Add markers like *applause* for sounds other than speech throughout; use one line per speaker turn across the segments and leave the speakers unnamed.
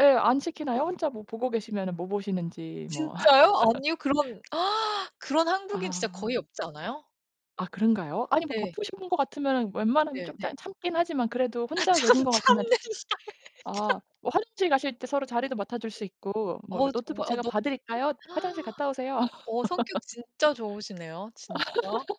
예. 안 시키나요? 혼자 뭐 보고 계시면은 뭐 보시는지 뭐.
진짜요? 아니요.
*laughs*
그런 *gasps* 그런 한국인 진짜 거의
아.
없지 않아요?
아 그런가요? 아니 뭐
예.
바쁘신 분인 것 같으면은 웬만하면
네
좀 짬
네.
참긴 하지만 그래도
아
혼자
참
계신 것 같으면
참는다.
아
참
뭐 화장실 가실 때 서로 자리도 맡아줄 수 있고 뭐
어
"노트북
정말 어
제가
너무
봐 드릴까요? 화장실
*gasps*
갔다 오세요."
어 성격 진짜 좋으시네요. 진짜.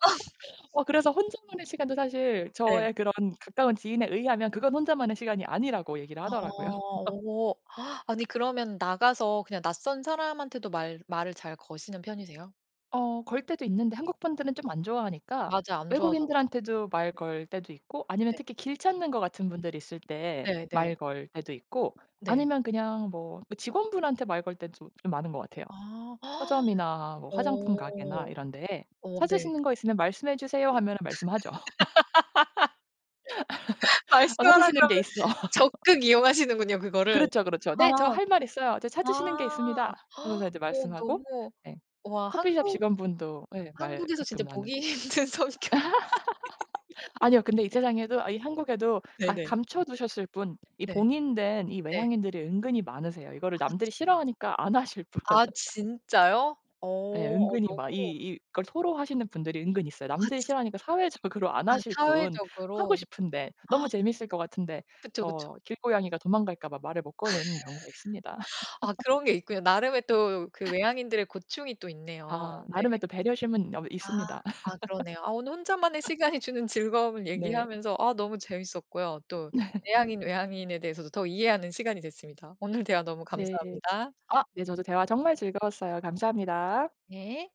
*laughs*
어 그래서 혼자만의 시간도 사실
네.
저의 그런 가까운 지인에 의하면 그건 혼자만의 시간이 아니라고 얘기를 하더라고요.
어.
*laughs*
오. *gasps* 아니 그러면 나가서 그냥 낯선 사람한테도 말 말을 잘 거시는 편이세요?
어 걸 때도 있는데 한국분들은 좀 안 좋아하니까
맞아. 안 좋아하잖아.
외국인들한테도 말 걸 때도 있고 아니면
네.
특히 길 찾는 것 같은 분들이 있을 때
네 네.
말 걸 때도 있고
네.
아니면 그냥 뭐 그 직원 분한테 말 걸 때 좀 이 많은 것 같아요.
아. *gasps*
서점이나 뭐 화장품 가게나
어.
이런 데에
어 네.
"찾으시는 거 있으면 말씀해 주세요." 하면은 말씀하죠. *laughs*
*laughs*
*laughs* 어
말씀하라고
찾으시는
하면
게 있어. *laughs*
적극 이용하시는군요 그거를.
그렇죠, 그렇죠.
아.
"네, 저 할 말 있어요. 저 찾으시는 게
아.
있습니다." 하면서
*gasps*
이제
어
말씀하고.
너무
네.
와
커피숍
한국,
직원분도 예 말
한국에서
가끔
진짜
나누고.
보기 힘든 성격이신
*laughs*
*laughs*
아니요. 근데 이 세상에도 이 한국에도 가
네네.
감춰두셨을 뿐 이
네.
봉인된 이
네.
외향인들이 은근히 많으세요. 이거를
아 진
남들이 싫어하니까 안 하실 뿐.
아
*laughs*
진짜요? 어
예.
어
은근히 마
너무
이 이걸 토로하시는 분들이 은근히 있어요.
아
남들이
진
싫어하니까 사회적으로 안
아
하실 뿐 하고
사회적으로?
싶은데 너무
*gasps*
재밌을 것 같은데
그쵸, 그쵸.
저 길고양이가 도망갈까 봐 말을 못 거는 경우가 있습니다.
*laughs* 아
*laughs*
그런 게 있군요. 나름의 또 그
*coughs*
외향인들의 고충이 또 있네요.
아
네.
나름의 또 배려심은 어우
아.
있습니다.
아 그러네요. 아 오늘 혼자만의
*laughs*
시간이 주는 즐거움을
네.
얘기하면서 아 너무 재밌었고요. 또
*laughs*
내향인, 외향인에 대해서도 더 이해하는 시간이 됐습니다. 오늘 대화 너무
네.
감사합니다.
아 네 저도 대화 정말 즐거웠어요. 감사합니다.
네.